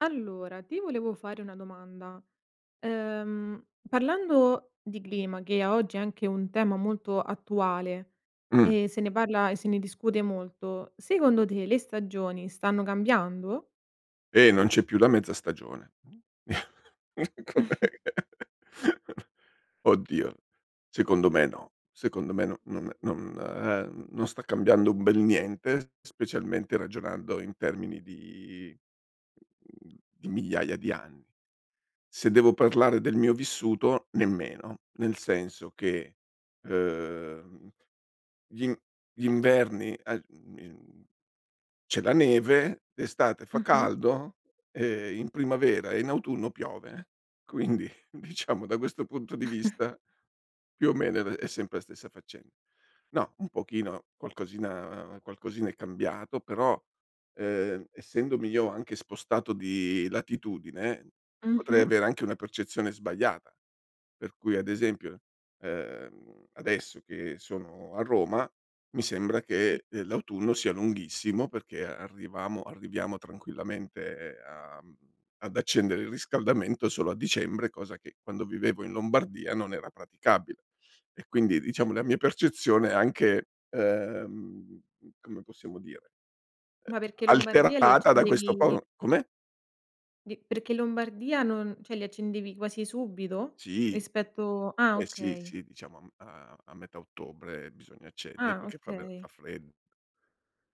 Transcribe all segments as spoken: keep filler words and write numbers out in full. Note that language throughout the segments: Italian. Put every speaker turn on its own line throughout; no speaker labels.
Allora, ti volevo fare una domanda. Ehm, parlando di clima che a oggi è anche un tema molto attuale
Mh.
e se ne parla, e se ne discute molto, secondo te le stagioni stanno cambiando?
E non c'è più la mezza stagione com'è oddio, secondo me no, secondo me no non ehm, non sta cambiando un bel niente specialmente ragionando in termini di mhmm, di migliaia di anni. Se devo parlare del mio vissuto nemmeno, nel senso che ehm, gli in gli inverni ehm, mhmm, c'è la neve, d'estate fa
Mh-mh.
caldo, e in primavera e in autunno piove, quindi diciamo da questo punto di vista più o meno è è sempre la stessa faccen no, un pochino qualcosina qualcosina è cambiato, però ehm, essendomi io anche spostato di latitudine potrei
Mh-mh.
avere anche una percezione sbagliata, per cui ad esempio, ehm, adesso che sono a Roma, mi sembra
Sì.
che l'autunno sia lunghissimo perché arrivamo arriviamo tranquillamente a mhmm, ad accendere il riscaldamento solo a dicembre cosa che quando vivevo in Lombardia non era praticabile. E quindi diciamo la mia percezione anche, ehm, come possiamo dire
Ma
ehm,
perché Lombardia li
alterata da questo
accendevi
po come?
Di perché in Lombardia non ceh li accendevi quasi subito,
Sì.
rispetto ah
Eh sì,
okay.
sì, diciamo a m a metà ottobre bisogna accendere
Ah
perché fa ve fa
okay.
freddo.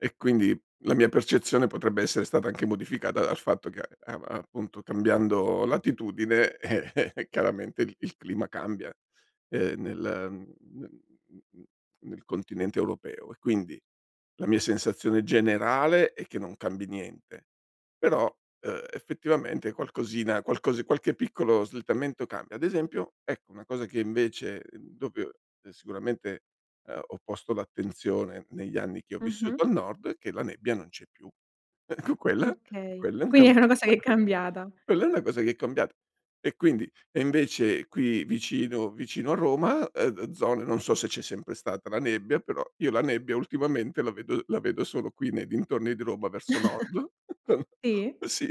E quindi la mia percezione potrebbe essere stata anche modificata dal fatto che a a appunto cambiando latitudine chiaramente il il clima cambia, ehm, nel n nel continente europeo. E quindi la mia sensazione generale è che non cambi niente però, ehm, effettivamente qualcosina qualcos qualche piccolo slittamento cambia. Ad esempio, ecco, una cosa che invece [unintelligible] sicuramente ehm ho posto l'attenzione negli anni che ho
Mh-mh.
vissuto al nord è che la nebbia non c'è più. Ecco quella
Okay.
quella è un ca
Quindi è una cosa che è cambiata.
quella è una cosa che è cambiat e quindi e invece qui vicino vicino a Roma, ehm, zone non so se c'è sempre stata la nebbia però io la nebbia ultimamente la vedo la vedo solo qui nei dintorni di Roma verso nord,
Sì?
sì,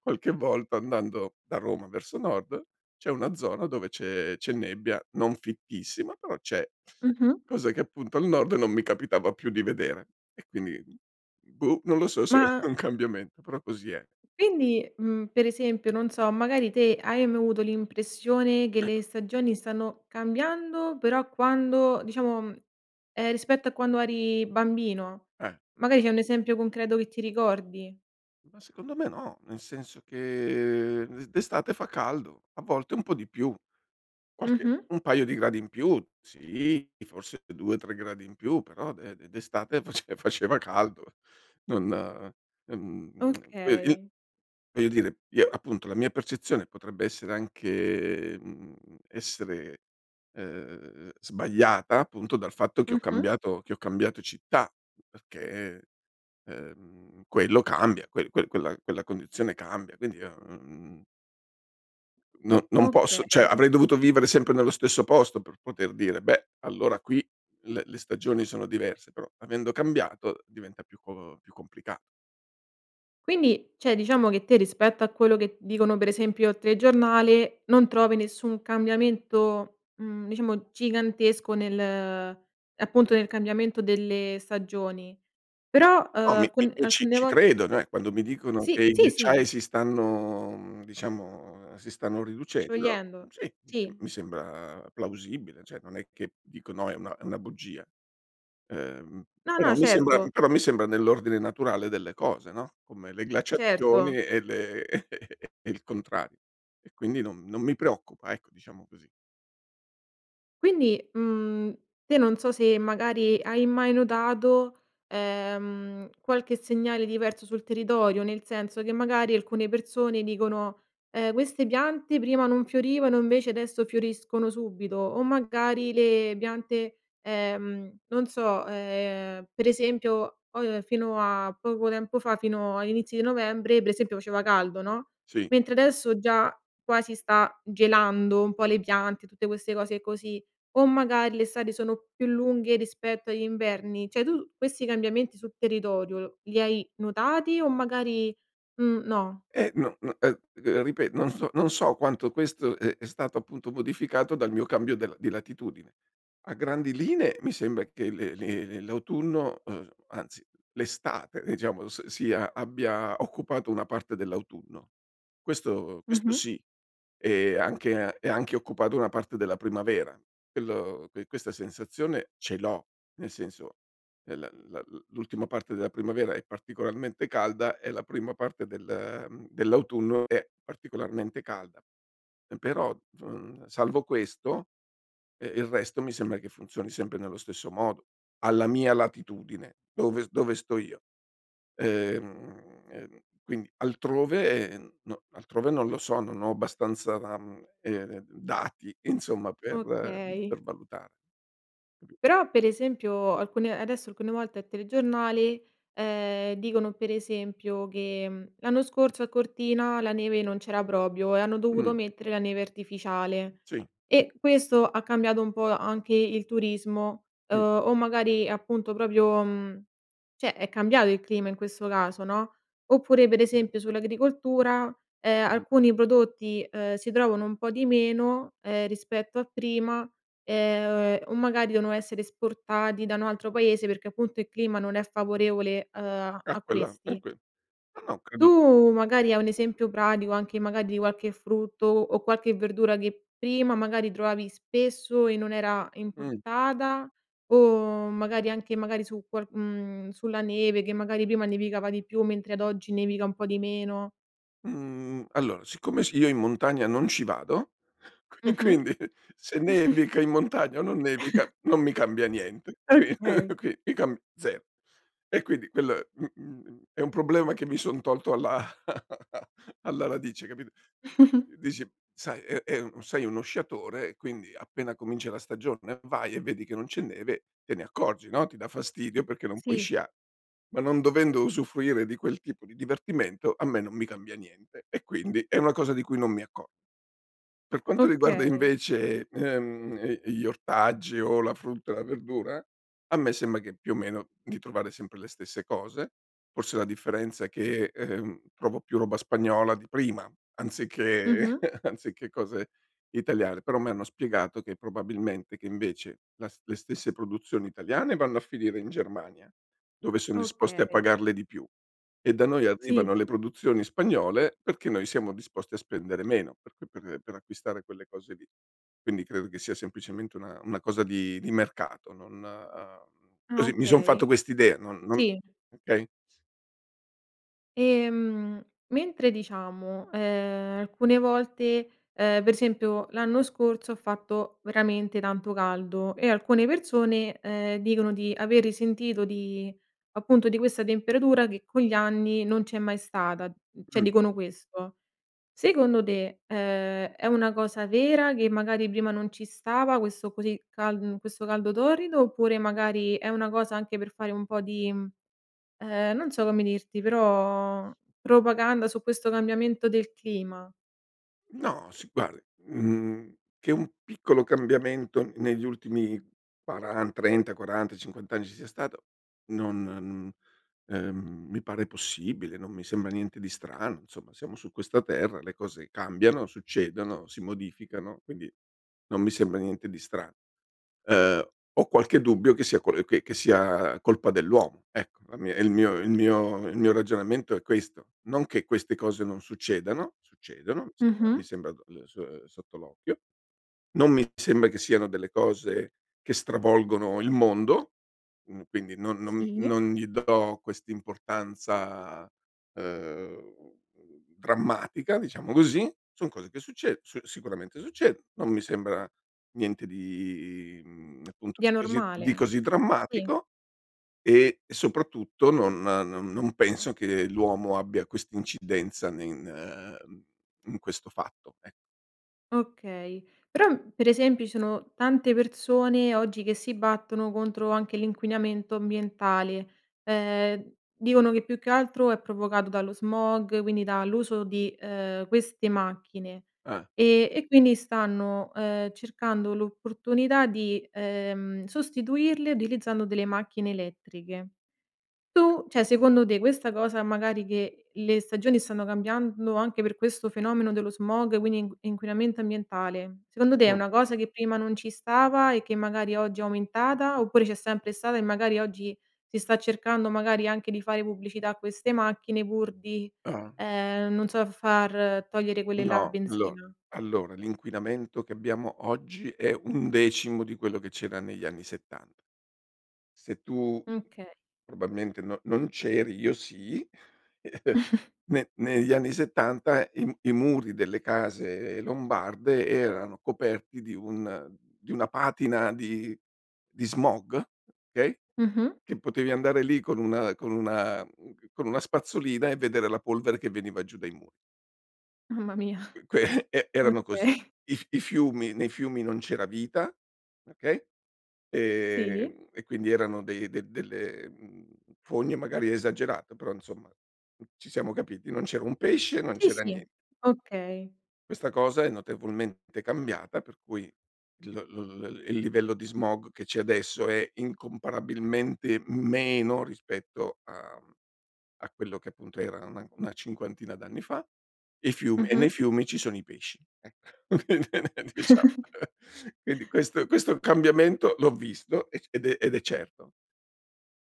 qualche volta andando da Roma verso nord c'è una zona dove c'è c'è nebbia, non fittissima però c'è,
Mh-mh.
cosa che appunto al nord non mi capitava più di vedere e quindi boh, non lo so se
Ma
è un cambiamen però così è.
Quindi, mhmm, per esempio, non so, magari te hai mai avuto l'impressione che le stagioni stanno cambiando però quando diciamo ehm, rispetto a quando eri bambino?
Eh.
Magari c'è un esempio concreto che ti ricordi.
Ma secondo me no, nel senso che d'estate fa caldo, a volte un po' di più, qualche
Mh-mh.
un paio di gradi in più. Sì, forse due tre gradi in più, però d d d'estate face faceva caldo. Non, mhmm, ve i
Okay.
voglio dire io appunto la mia percezione potrebbe essere anche mhmm, essere, ehm, sbagliata appunto dal fatto che ho
Mh-mh.
cambiato che ho cambiato città perché, ehm, quello cambia, quel quel quel quella quella condizione cambia quindi mhmm n non posso ceh
Okay.
avrei dovuto vivere sempre nello stesso posto per poter dire: "Beh, allora qui le le stagioni sono diverse." Però avendo cambiato diventa più co più complicato.
Quindi ceh diciamo che te rispetto a quello che dicono per esempio al telegiornale, non trovi nessun cambiamento, mhmm, diciamo gigantesco nel ehm, appunto nel cambiamento delle stagioni.
No,
Però, ehm,
no, mi
alcu
mi mi ci
alcune
ci
vol
credo eh, quando mi dicono
Sì.
che i
Sì sì.
ghiacciai si stanno mhmm, diciamo si stanno riducendo
Sciogliendo,
sì, mi mi
sì.
sembra plausibile ceh non è che dico: "No è una è una bugia." Ehm,
No,
però
no,
mi sembra
certo.
però mi sembra nell'ordine naturale delle cose, no? Come le
Certo.
glaciazioni e le e il contrar e quindi non non mi preoccupa ecco, diciamo così.
Quindi, mhmm, te non so se magari hai mai notato, ehm, qualche segnale diverso sul territorio, nel senso che magari alcune persone dicono: "Ehm queste piante prima non fiorivano invece adesso fioriscono subito." O magari le piante, ehm, non so, ehm, per esempio po fino a poco tempo fa, fino agli inizi di novembre per esempio faceva caldo no,
Sì.
mentre adesso già quasi sta gelando un po' le piante, tutte queste cose così o magari l'estate sono più lunghe rispetto agli inverni. ceh tu questi cambiamenti sul territorio li hai notati o magari, mhmm, no?
Eh n no [unintelligible] ripe non so non so quanto questo è è stato appunto modificato dal mio cambio del di latitudine. A grandi linee mi sembra che le le l'autunno ehm, anzi l'estate diciamo s sia abbia occupato una parte dell'autunno. Questo questo
Mh-mh.
sì, e anche e anche occupato una parte della primavera, quello ques questa sensazione ce l'ho. Nel senso l l l'ultima parte della primavera è particolarmente calda e la prima parte del, ehm, dell'autunno è particolarmente calda però, mhmm, salvo questo, eh, il resto mi sembra che funzioni sempre nello stesso modo, alla mia latitudine, dove dove sto io. Ehm ehm, quindi altrove no altrove non lo so, non ho abbastanza, ehm, dati insomma per
Okay.
per valutare. [unintelligible]
Però per esempio alcune adesso alcune volte al telegiornale, ehm, dicono per esempio che: "L'anno scorso a Cortina la neve non c'era propio e hanno dovuto
Mh.
mettere la neve artificiale,"
Sì.
e questo ha cambiato un po' anche il turismo,
Mh.
o magari appunto propio, mhmm, ceh è cambiato il clima in questo caso no, oppure per esempio sull'agricoltura, ehm,
Mh.
alcuni prodotti, ehm, si trovano un po' di meno, ehm, rispetto a prima, ehm, o magari devono essere esportati da un altro paese perché appunto il clima non è favorevole, ehm, a
Ah
a
quella ah
questi.
que ma no
Tu
credo
magari hai un esempio pratico anche magari di qualche frutto o qualche verdura che prima magari trovavi spesso e non era
Mh.
importata o magari anche magari su qual mhmm, sulla neve che magari prima nevicava di più mentre ad oggi nevica un po' di meno.
Mhmm, allora, siccome s io in montagna non ci vado e
Mh-mh.
quindi se nevica in montagna o non nevica non mi cambia niente qui
Okay.
qui mi cam ze e quindi quello, mhmm, è un problema che mi son tolto alla alla radice capit dici: "Sai, è è sei uno sciatore quindi appena comincia la stagione vai e vedi che non c'è neve te ne accorgi no, ti dà fastidio perché non puoi
Sì.
scia ma non dovendo usufruire di quel tipo di divertimento a me non mi cambia niente e quindi è una cosa di cui non mi acco Per quanto riguarda
Okay.
invece, ehm, gli ortaggi o la frutta o la verdura, a me sembra che più o meno di trovare sempre le stesse cose. Forse la differenza è che, ehm, trovo più roba spagnola di prima anziché
Mh-mh.
anziché cose italiane, però a me hanno spiegato che probabilmente che invece la le stesse produzioni italiane vanno a finire in Germania, dove son disposti a
Okay.
pagarle di più e da noi
Sì.
arrivano le produzioni spagnole perché noi siamo disposti a spendere meno, per cu per per acquistare quelle cose lì. Quindi credo che sia semplicemente una una cosa di di mercato non
Ah
così mi son fatto
okay.
quest'idea, non non
Sì.
okay?
Ehm, mentre diciamo, ehm, alcune volte, ehm, per esempio l'anno scorso, ha fatto veramente tanto caldo e alcune persone, ehm, dicono di aver risentito di appunto di questa temperatura che con gli anni non c'è mai stata; mhmm, ceh
Mh.
dicono questo. Secondo te, ehm, è una cosa vera che magari prima non ci stava questo così cal mhmm, questo caldo torrido, oppure magari è una cosa anche per fare un po' di mhmm, ehm, non so come dirti però propaganda su questo cambiamento del clima?
No, sì guardi mhmm, che un piccolo cambiamento negli ultimi quaran trenta quaranta, cinquanta anni ci sia stato non n ehm, mi pare possibile, non mi sembra niente di strano, nsomma siamo su questa terra, le cose cambiano, succedono, si modificano, quindi non mi sembra niente di stra ehm, ho qualche dubbio che sia col ehm, che sia colpa dell'uomo, ecco. La mia il mio il mio il mio ragionamento è questo. Non che queste cose non succedano, succedono, sembra
Mh-mh.
mi sembra, ehm, so ehm, sotto l'occhio. Non mi sembra che siano delle cose che stravolgono il mondo, mhmm, quindi non non
Sì.
non gli do quest'importanza, ehm, drammatica, diciamo così. Son cose che succedo s sicuramente succed non mi sembra niente di, mhmm, appunto
Di
così di
anormale.
così
Sì.
drammatico, e soprattutto non non non penso che l'uomo abbia quest'incidenza ne in in in questo fatto, ec
Okay. Però, per esempio ci sono tante persone oggi che si battono contro anche l'inquinamento ambientale. Ehm, dicono che più che altro è provocato dallo smog, quindi dall'uso di ehm, queste macchine,
Eh.
e e quindi stanno, ehm, cercando l'opportunità di, ehm, sostituirle utilizzando delle macchine elettriche. Tu ceh secondo te questa cosa magari che le stagioni stanno cambiando anche per questo fenomeno dello smog quindi in inquinamento ambientale, secondo te è
Mh.
una cosa che prima non ci stava e che magari oggi è aumentata, oppure c'è sempre stata e magari oggi si sta cercando magari anche di fare pubblicità a queste macchine pur di
Ah.
ehm, non so, far togliere quelle là a
No, allo
benzina?
allora l'inquinamento che abbiamo oggi è un decimo di quello che c'era negli anni settanta. Se tu
Mh, kay.
probalmente non non c’eri, io sì. Ne negli anni settanta i m i muri delle case lombarde erano coperti di un di una patina di di smog, okay,
Mh-mh.
che potevi andare lì con una con una mhmm, con una spazzolina e vedere la polvere che veniva giù dai mu
Mamma mia.
uque e erano così.
Okay.
I f i fiumi nei fiumi non c'era vita, okay,
Sì.
ehm, e quindi erano dei del delle, mhmm, fogne magari è esagerato però insomma, mh, ci siamo capiti, non c'era un pesce, non
Sì,
c'era
sì,
nie
okay.
Questa cosa è notevolmente cambiata per cui il l l il livello di smog che c'è adesso è incomparabilmente meno rispetto a a quello che appunto era una una cinquantina d'anni fa. I fiumi e nei
Mh-mh.
fiumi ci sono i pesci ecco quindi, eh, diciamo quindi questo questo cambiamento l'ho visto e c ed è ed è certo.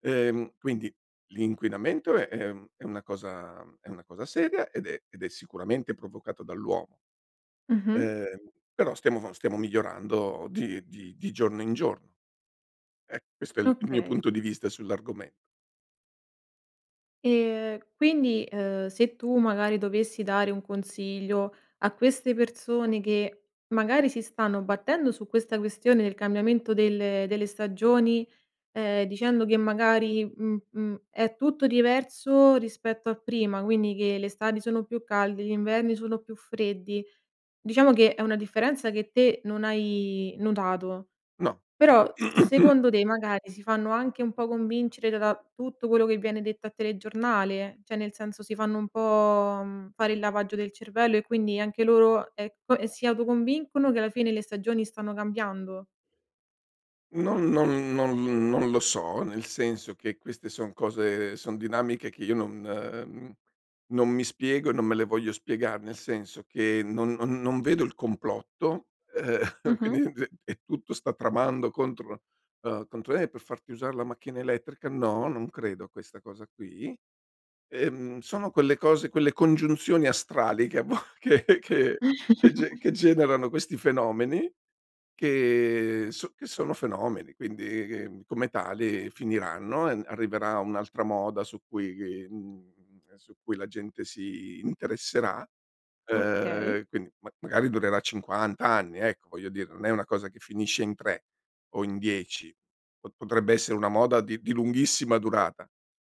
Ehm, quindi, l’inquinamento è è un è una cosa è una cosa seria ed è ed è sicuramente provocato dall’uomo
Mh-mh.
ehm, però stiamo vo stiamo migliorando di di di giorno in giorno. Eh, questo è il mio
Okay.
punto di vista sull’argome
Ehm, quindi, ehm, se tu magari dovessi dare un consiglio a queste persone che magari si stanno battendo su questa questione del cambiamento delle delle stagioni, ehm, dicendo che magari, mh mhmm, è tutto diverso rispetto a prima, quindi che le estati sono più calde, gli inverni sono più freddi; diciamo che è una differenza che te non hai notato.
No.
Però secondo te magari si fanno anche un po’ convincere da tutto quello che viene detto al telegiornale? ceh, nel senso si fanno un po’, mhmm, fare il lavaggio del cervello e quindi anche loro, ecco, ehm, si autoconvincono che alla fine le stagioni stanno cambiando?
Non non non non lo so, nel senso che queste son cose son dinamiche che io non ehm, non mi spiego e non me le voglio spiegare, nel senso che non non non vedo il complotto, ehm,
Mh-mh.
quindi d e tutto sta tramando contro uhm, contro, eh, per farti usar la macchina elettrica, no, non credo a questa cosa qui. Ehm, sono quelle cose quelle congiunzioni astrali che, a vo che che che ge che generano questi fenomeni che so che sono fenomeni. Quindi, ehm, come tali, finiranno e n arriverà un'altra moda su cui mhmm, ehm, su cui la gente si interesserà.
Okay.
Ehm, quindi, ma magari durerà cinquant anni, ecco, voglio dire, non è una cosa che finisce in tre o in dieci. Po potrebbe essere una moda di di lunghissima durata,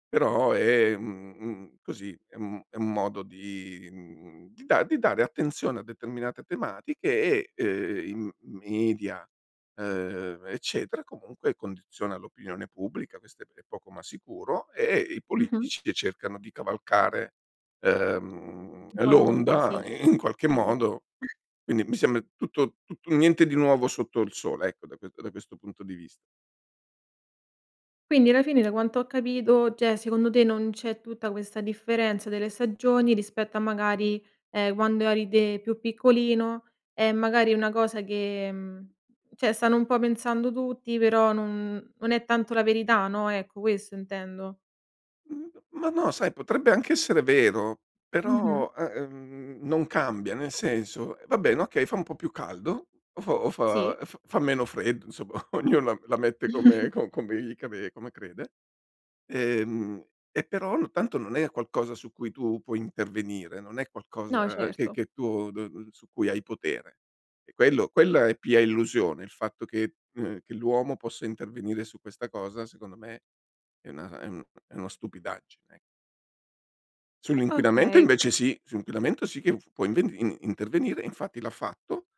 però è, mhmm, mhmm, così, è un è un modo di mhmm, di da di dare attenzione a determinate tematiche e, ehm, i m media, ehm, eccetera, comunque, condiziona l'opinione pubblica, questo è p è poco ma sicuro. E i
Mh-mh.
politici che cercano di cavalcare, ehm,
Un po' l'onda, sì.
l'onda i in qualche
Sì.
modo, quindi, mi sembra tutto tutto niente di nuovo sotto il sole, ecco, da quet da questo punto di vis
Quindi alla fine, da quanto ho capito, ceh, secondo te non c'è tutta questa differenza delle stagioni, rispetto a magari, ehm, quando eri te più piccolino, è magari è una cosa che mhmm, ceh stanno un po' pensando tutti, però non non è tanto la verità, no, ecco, questo intendo.
Mhmm, ma no, sai, potrebbe anche essere vero,
Mh-mh.
però, ehm, non cambia. Nel senso: va bene, okay, fa un po' più caldo o fo o
Sì.
fa e f fa meno freddo, insomma, ognuno la m la mette come co come gli cre come crede. Ehm, e però, no tanto non è a qualcosa su cui tu puoi intervenire. Non è
No,
qualcosa che
certo.
che tu d su cui hai potere. E quello quella è pia illusione, il fatto che ehm, che l'uomo possa intervenire su questa cosa, secondo me, è una è un è una stupidaggine, e Sull'inquinamento
Okay.
invece sì. Su inquinamento sì che f può inv in intervenire, infatti l'ha fatto,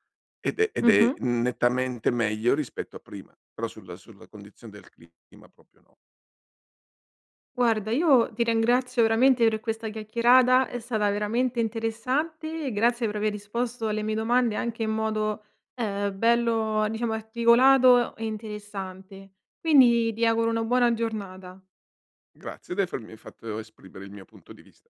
ed è ed è
Mh-mh.
nettamente meglio rispetto a prima. Però sulla sulla condizione del clima, proprio no.
Guarda, io ti rengrazio veramente per questa chiacchierata, è stata veramente interessante. Grazie per aver risposto alle mie domande anche in modo, ehm, bello diciamo articolato, e interessante. Quindi, ti auguro una buona giornata.
Grazie di afermi fatto esprimere il mio punto di vista.